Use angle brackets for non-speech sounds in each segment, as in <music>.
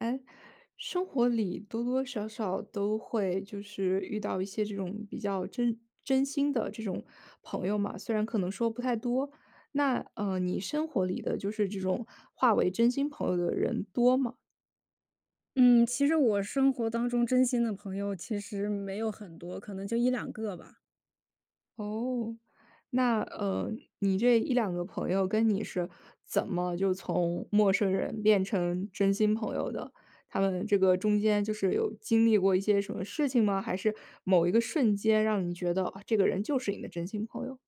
诶，生活里多多少少都会就是遇到一些这种比较真真心的这种朋友嘛，虽然可能说不太多。那，呃，你生活里的，就是这种划为真心朋友的人多吗？嗯，其实我生活当中真心的朋友其实没有很多，可能就一两个吧。哦，那，呃，你这一两个朋友跟你是怎么就从陌生人变成真心朋友的？他们这个中间就是有经历过一些什么事情吗，还是某一个瞬间让你觉得，哦，这个人就是你的真心朋友？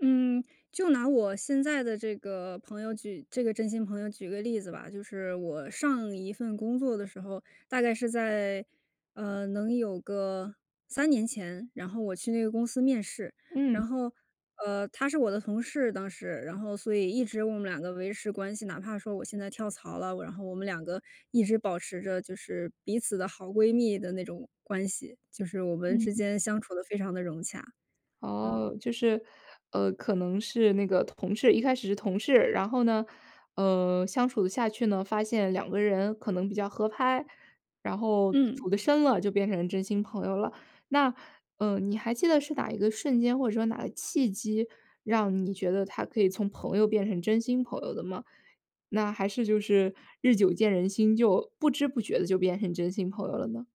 嗯，就拿我现在的这个朋友举这个真心朋友举个例子吧。就是我上一份工作的时候，大概是在，呃，能有个3年前，然后我去那个公司面试。然嗯。后，呃，她是我的同事当时，然后所以一直我们两个维持关系。哪怕说我现在跳槽了，我然后我们两个一直保持着就是彼此的好闺蜜的那种关系，就是我们之嗯。间相处得非常地融洽。嗯。哦，就是，呃，可能是那个同事一开始是同事，然后呢，呃，相处下去呢发现两个人可能比较合拍，然后嗯。处得深了就变成真心朋友了。那，呃，你还记得是哪一个瞬间或者说哪个契机让你觉得她可以从朋友变成真心朋友的吗？那还是就是，日久见人心，就，不知不觉地就变成真心朋友了呢？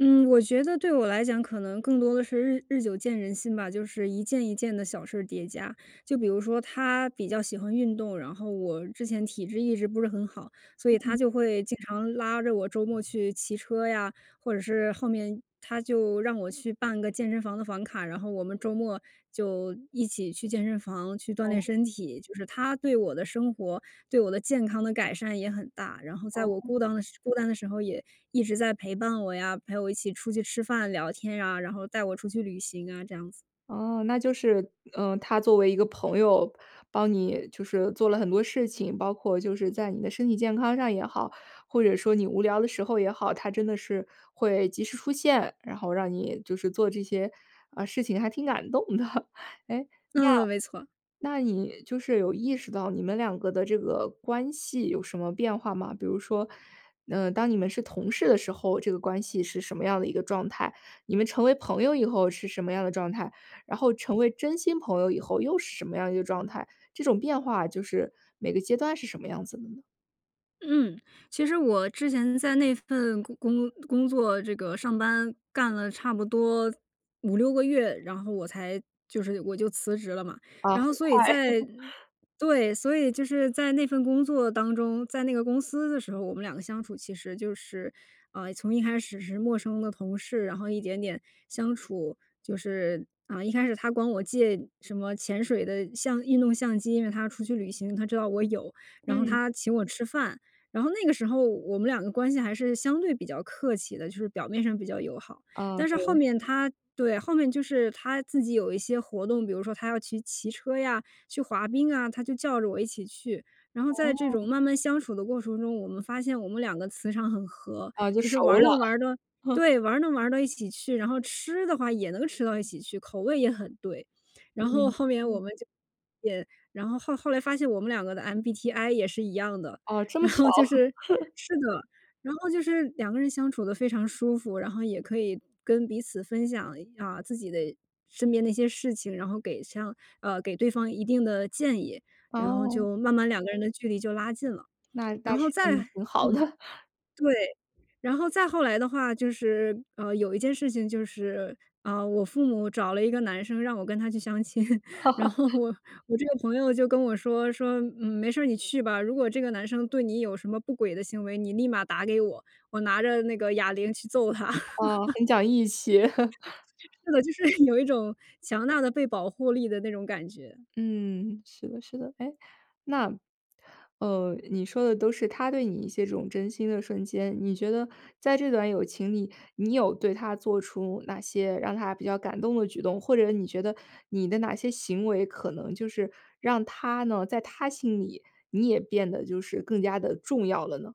嗯，我觉得对我来讲可能更多的是日日久见人心吧，就是一件一件的小事儿叠加。就比如说她比较喜欢运动，然后我之前体质一直不是很好，所以她嗯。就会经常拉着我周末去骑车呀，或者是后面她就让我去办个健身房的房卡，然后我们周末就一起去健身房去锻炼哦。身体。就是她对我的生活、对我的健康的改善也很大。然后在我孤哦。当的孤单的时候也一直在陪伴我呀，陪我一起出去吃饭聊天啊，然后带我出去旅行啊，这样子。哦，那就是呃，她作为一个朋友帮你就是做了很多事情，包括就是在你的身体健康上也好，或者说你无聊的时候也好，她真的是会及时出现，然后让你就是做这些，啊，事情还挺感动的。诶，嗯，没错。那那你就是有意识到你们两个的这个关系有什么变化吗？比如说，呃，当你们是同事的时候，这个关系是什么样的一个状态？你们成为朋友以后是什么样的状态？然后成为真心朋友以后又是什么样一个状态？这种变化就是，每个阶段是什么样子的呢？嗯，其实我之前在那份工工工作这个上班干了差不多5-6个月，然后我才就是我就辞职了嘛。啊，然很后所以快。在 <laughs> 对，所以就是在那份工作当中，在那个公司的时候，我们两个相处其实就是呃，从一开始是陌生的同事，然后一点点相处。就是，啊，一开始她管我借什么潜水的相运动相机，因为她出去旅行，她知道我有，然后嗯。她请我吃饭。然后那个时候，我们两个关系还是相对比较客气的，就是表面上比较友好。啊，但是后对。面她对，后面就是她自己有一些活动，比如说她要去骑车呀，去滑冰啊，她就叫着我一起去。然后在这哦。种慢慢相处的过程中，我们发现我们两个磁场很合，啊，就就是熟玩了。能玩的 <laughs> 对，玩能玩到一起去，然后吃的话也能吃到一起去，口味也很对。然后嗯，后面我嗯。们就也然后，后后来发现我们两个的 MBTI 也是一样的。哦，这么然巧。后就是 <laughs> 是的，然后就是两个人相处得非常舒服，然后也可以跟彼此分享一啊，自己的身边那些事情，然后给上呃，给对方一定的建议，然后哦。就慢慢两个人的距离就拉近了。那然那后是再挺好的。嗯，对，然后再后来的话，就是，呃，有一件事情就是，呃，我父母找了一个男生，让我跟他去相亲。然 <laughs> 后我我这个朋友就跟我说，说：“嗯，没事儿，你去吧，如果这个男生对你有什么不轨的行为，你立马打给我，我拿着那个哑铃去揍他。”呃，<laughs> 很讲义气。<laughs> 是的，就是有一种强大的被保护力的那种感觉。嗯，是的，是的。哎，那，呃，你说的都是她对你一些这种真心的瞬间。你觉得在这段友情里，你有对她做出哪些让他比较感动的举动？或者你觉得，你的哪些行为，可能就是让她呢在她心里，你也变得就是更加地重要了呢？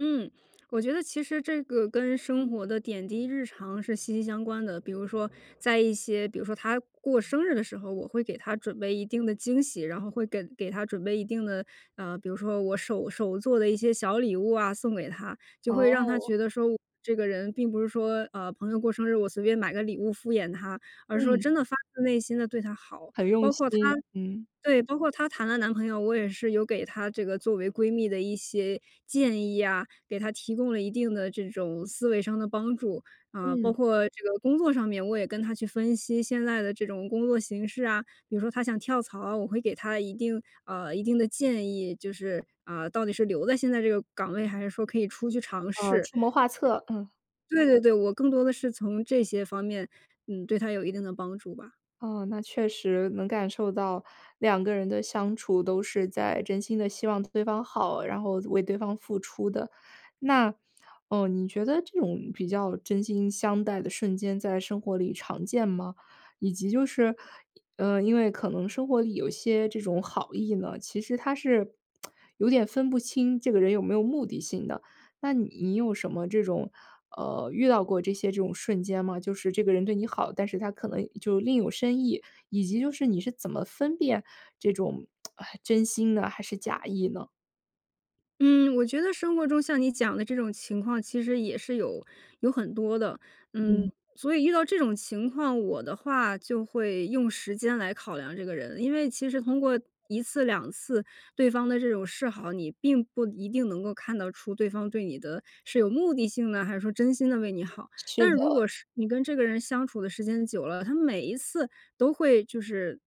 嗯，我觉得其实这个跟嗯。生活的点滴日常，是息息相关的。比如说在一些比如说她过生日的时候，我会给她准备一定的惊喜，然后会跟给她准备一定的呃，比如说我手手做的一些小礼物啊送给她，就会让她哦。觉得说，这个人并不是说，呃，朋友过生日，我随便买个礼物敷衍她，而是说嗯。真的发自内心地对她好。很包用括她心，嗯。对，包括她谈了男朋友，我也是有给她这个作为闺蜜的一些建议啊，给她提供了一定的这种思维上的帮助。啊，包嗯。括这个工作上面，我也跟她去分析现在的这种工作形势啊，比如说她想跳槽啊，我会给她一定呃，一定的建议，就是，呃，到底是留在现在这个岗位，还是说可以出去尝呃，试。出谋划策，嗯。对对对，我更多的是从这些方面，嗯，对她有一定的帮助吧。哦，那确实，能感受到两个人的相处，都是在真心地希望对方好，然后为对方付出的。那，呃，你觉得这种比较真心相待的瞬间，在生活里常见吗？以及就是，呃，因为可能生活里有些这种好意呢，其实它是 <smacks lips> 有点分不清这个人有没有目的性的。那你有什么这种呃，遇到过这些这种瞬间吗？就是这个人对你好，但是他可能就另有深意，以及就是，你是怎么分辨这种 <smacks lips> 真心呢，还是假意呢？嗯，我觉得生活中像你讲的这种情况，其实也是有有很多的。嗯，嗯。所以遇到这种情况，我的话就会用时间来考量这个人。因为其实通过1次2次，对方的这种示好，你并不一定能够看得出对方对你的是有目的性的，还是说真心地为你好。是但是的。如果是你跟这个人相处的时间久了，他每一次都会就是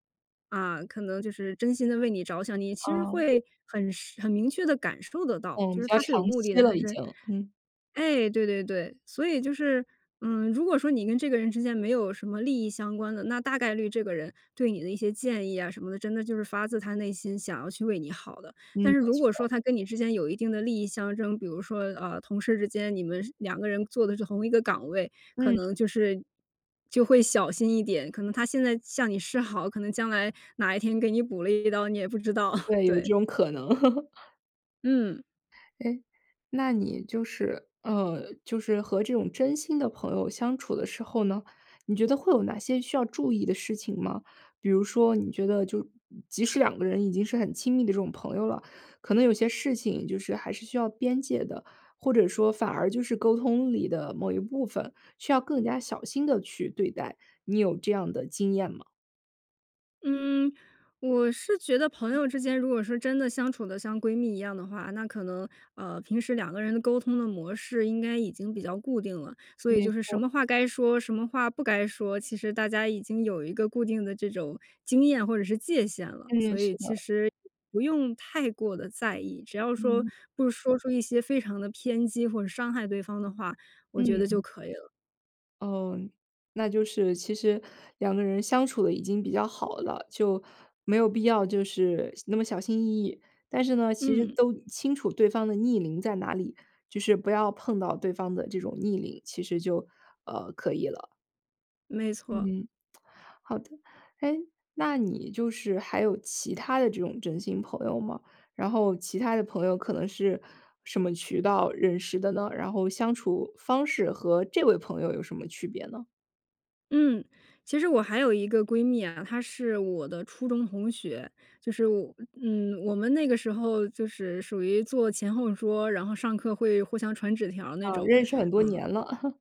啊，可能就是真心地为你着想，你其实哦。会很是很明确地感受得到，嗯，就比是较他是有长目的期的了还已是经，嗯。哎，对对对。所以就是，嗯，如果说你跟这个人之间没有什么利益相关的，那大概率这个人对你的一些建议啊什么的，真的就是发自他内心想要去为你好的。嗯，但是没如果错。说他跟你之间有一定的利益相争，比如说，呃，同事之间，你们是两个人做的是同一个岗位，可嗯。能就是就会小心一点。可能他现在向你示好，可能将来哪一天给你补了一刀，你也不知道，<chuckles> 对，有对。这种可能。<chuckles> 嗯。诶，那你就是呃，就是和这种真心的朋友相处的时候呢，你觉得会有哪些需要注意的事情吗？比如说你觉得就即使两个人已经是很亲密的这种朋友了，可能有些事情就是还是需要边界的。或者说反而就是沟通里的某一部分，需要更加小心地去对待，你有这样的经验吗？嗯，我是觉得朋友之间如果说真的相处得像闺蜜一样的话，那可能，呃，平时两个人的沟通的模式应该已经比较固定了。所以没就是什错。么话该说，什么话不该说，其实大家已经有一个固定的这种，经验或者是界限了，嗯，所以是其的。实不用太过地在意。只要说，嗯。不说出一些非常地偏激或者伤害对方的话，我觉得就嗯。可以了。哦，那就是其实两个人相处得已经比较好了，就，没有必要就是那么小心翼翼。但是呢，其实嗯。都清楚对方的逆鳞在哪里，就是不要碰到对方的这种逆鳞，其实就，呃，可以了。没错。嗯，<smacks lips> 好的。诶，那你就是还有其他的这种真心朋友吗？然后其他的朋友可能是什么渠道认识的呢？然后相处方式和这位朋友有什么区别呢？嗯，其实我还有一个闺蜜啊，她是我的初中同学，就是我嗯，我们那个时候就是属于坐前后桌，然后上课会互相传纸条儿那啊，种，认识很多嗯。年了。<chuckles>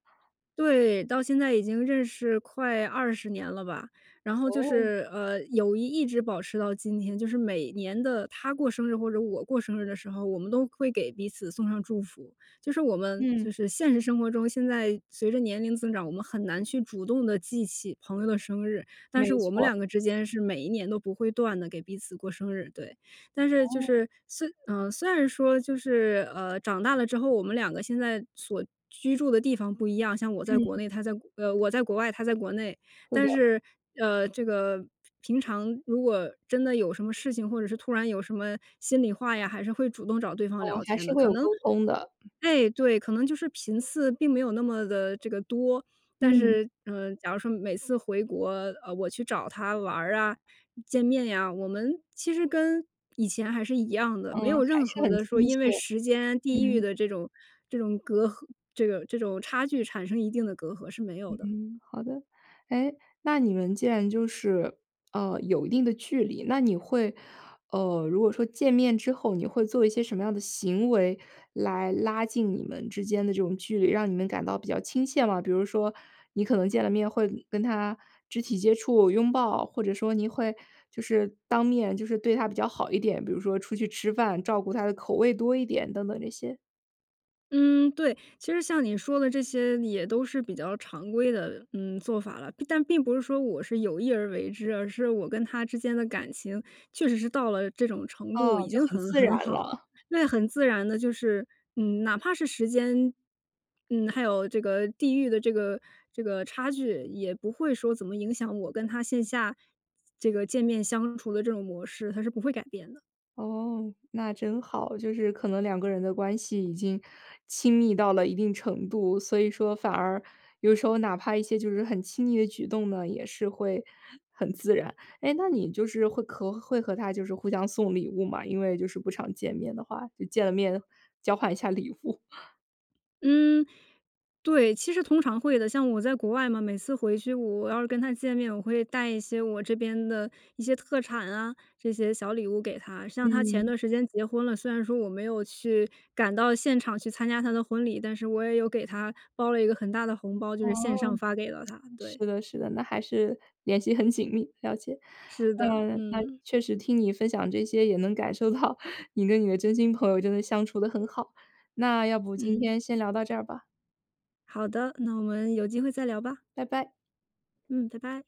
对，到现在已经认识快20年了吧，然后就哦。是，呃，友谊一直保持到今天，就是每年的她过生日或者我过生日的时候，我们都会给彼此送上祝福。就是我们嗯。就是现实生活中，现在随着年龄增长，我们很难去主动地记起朋友的生日。但没是我们错。两个之间是每一年都不会断地给彼此过生日，对。但是就哦。是虽呃，虽然说就是，呃，长大了之后，我们两个现在所居住的地方不一样，像我在国嗯。内，她在国呃，我在国外，她在国内。是但的。是，呃，这个平平常，如果真的有什么事情，或者是突然有什么心里话呀，还是会主动找对方哦，聊还天是的。会可有能沟通的。哎，对，可能就是频次并没有那么地这个多。但嗯。是，呃，假如说每次回国，呃，我去找她玩儿啊、见面呀，我们其实跟，以前还是一样的，没嗯，有还任是何很的说亲切，因为时间、地域嗯。的这种这种隔阂这个这种差距产生一定的隔阂是没有的。嗯，好的。诶，那你们既然就是，呃，有一定的距离，那你会呃，如果说见面之后，你会做一些什么样的行为来拉近你们之间的这种距离，让你们感到比较亲切吗？比如说你可能见了面会跟她肢体接触、拥抱，或者说你会，就是，当面，就是对她比较好一点，比如说出去吃饭，照顾她的口味多一点等等这些。嗯，对。其实像你说的这些，也都是比较常规的，嗯，做法了，并但并不是说我是有意而为之，而是我跟她之间的感情，确实是到了这种程度，哦，已就经很很自然很好。了。那很自然地就是，嗯，哪怕是时间嗯，还有这个地域的这个这个差距，也不会说怎么影响我跟她线下，这个见面相处的这种模式，它是不会改变的。哦，那真好。就是可能两个人的关系，已经亲密到了一定程度，所以说反而有时候哪怕一些就是很亲昵的举动呢，也是会很自然。诶，那你就是会和会和她就是互相送礼物吗？因为就是不常见面的话，就见了面，交换一下礼物。嗯，对，其实通常会的。像我在国外嘛，每次回去我要是跟她见面，我会带一些我这边的一些特产啊，这些小礼物给她。像她前嗯。段时间结婚了，虽然说我没有去赶到现场去参加她的婚礼，但是我也有给她包了一个很大的红包，就哦，是线上发给了她，是对。的，是的。那还是联系很紧密，了解。是的，嗯，那，嗯。确实听你分享这些，也能感受到你跟你的真心朋友，真的相处得很好，那要不今嗯。天先聊到这儿吧。好的，那我们有机会再聊吧。拜拜。嗯，拜拜。